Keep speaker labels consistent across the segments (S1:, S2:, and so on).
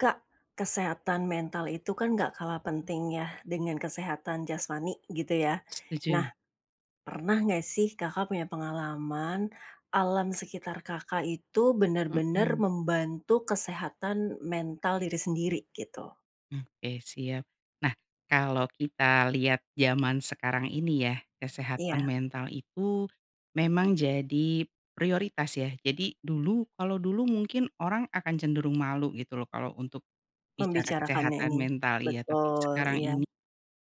S1: Kak, kesehatan mental itu kan nggak kalah penting ya, dengan kesehatan jasmani, gitu ya.
S2: Setuju.
S1: Nah, pernah nggak sih Kakak punya pengalaman, alam sekitar Kakak itu bener-bener
S2: Hmm.
S1: membantu kesehatan mental diri sendiri, gitu?
S2: Mmm oke siap. Nah, kalau kita lihat zaman sekarang ini ya, kesehatan
S1: Iya.
S2: mental itu, memang jadi prioritas ya. Jadi, dulu kalau dulu mungkin orang akan cenderung malu gitu loh kalau untuk, bicara
S1: Membicarakannya ini,
S2: kesehatan mental iya, tapi
S1: betul,
S2: sekarang
S1: iya.
S2: ini,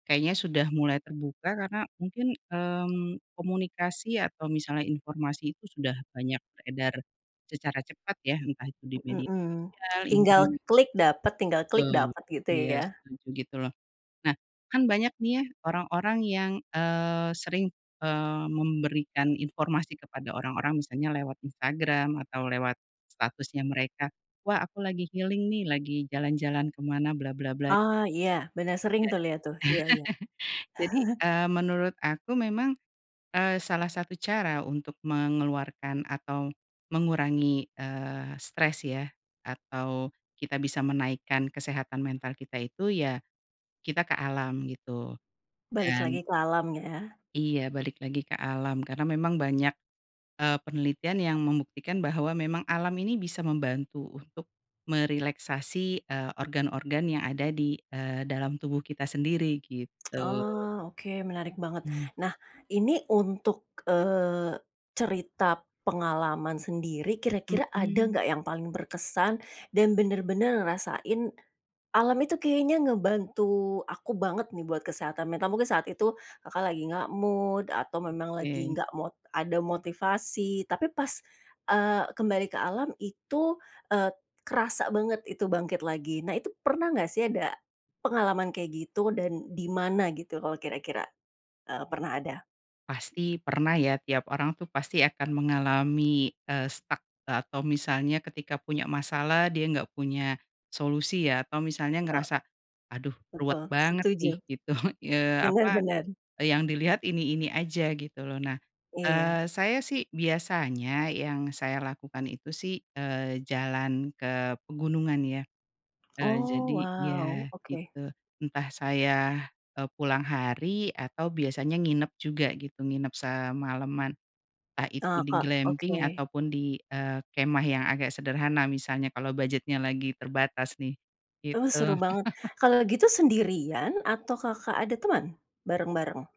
S2: kayaknya sudah mulai terbuka, karena mungkin, mmm, komunikasi atau misalnya informasi itu sudah banyak beredar, secara cepat ya, entah itu di
S1: Mhm,
S2: media
S1: mmm.
S2: sosial,
S1: Tinggal
S2: internet.
S1: klik dapat, tinggal klik
S2: Betul,
S1: dapat gitu
S2: iya
S1: ya?
S2: setuju gitu loh. Nah, kan banyak nih ya, orang-orang yang, eee, sering, eee, memberikan informasi kepada orang-orang, misalnya lewat Instagram, atau lewat statusnya mereka, "Wah aku lagi healing nih, lagi jalan-jalan kemana," bla bla bla.
S1: Oh iya, benar sering
S2: Ya,
S1: tuh lihat tuh. Iya iya.
S2: jadi, eee, menurut aku memang, eee, salah satu cara untuk mengeluarkan atau, mengurangi, eee, stres ya, atau, kita bisa menaikkan kesehatan mental kita itu, ya kita ke alam gitu.
S1: Balik
S2: Dan
S1: lagi ke alam ya?
S2: Iya balik lagi ke alam, karena memang banyak, eee, penelitian yang membuktikan bahwa memang alam ini bisa membantu untuk merelaksasi, eee, organ-organ yang ada di, eee, dalam tubuh kita sendiri, gitu.
S1: Oh, oke menarik banget.
S2: Mmm.
S1: Nah, ini untuk, eee, cerita pengalaman sendiri, kira-kira ada
S2: Mhm.
S1: nggak yang paling berkesan, dan benar-benar ngerasain, alam itu kayaknya ngebantu aku banget nih buat kesehatan mental, mungkin saat itu, Kakak lagi nggak mood atau memang lagi
S2: Oke.
S1: nggak mo ada motivasi tapi pas, eee, kembali ke alam itu, e kerasa banget itu bangkit lagi. Nah itu, pernah nggak sih ada, pengalaman kayak gitu? Dan, di mana gitu kalau kira-kira, eee, pernah ada.
S2: Pasti pernah ya tiap orang tuh pasti akan mengalami, eee, stuck e atau misalnya ketika punya masalah dia nggak punya, solusi ya, atau misalnya
S1: Betul.
S2: ngerasa, "Aduh, ruwet
S1: Betul,
S2: banget
S1: setuju.
S2: nih," gitu, eee,
S1: Benar
S2: apa,
S1: benar.
S2: e yang dilihat ini-ini aja, gitu loh. Nah,
S1: Iya.
S2: eee, saya sih biasanya yang saya lakukan itu sih, eee, jalan ke pegunungan ya. Eee,
S1: Oh
S2: jadi ya,
S1: wow, oke.
S2: gitu, entah saya, e pulang hari, atau biasanya nginep juga gitu, nginep semalaman, entah itu
S1: Nah
S2: di
S1: Kak
S2: glamping
S1: oke.
S2: ataupun di, eee, kemah yang agak sederhana misalnya kalau budgetnya lagi terbatas nih,
S1: Duh seru
S2: gitu.
S1: banget. Kalau gitu sendirian atau Kakak ada teman, bareng-bareng?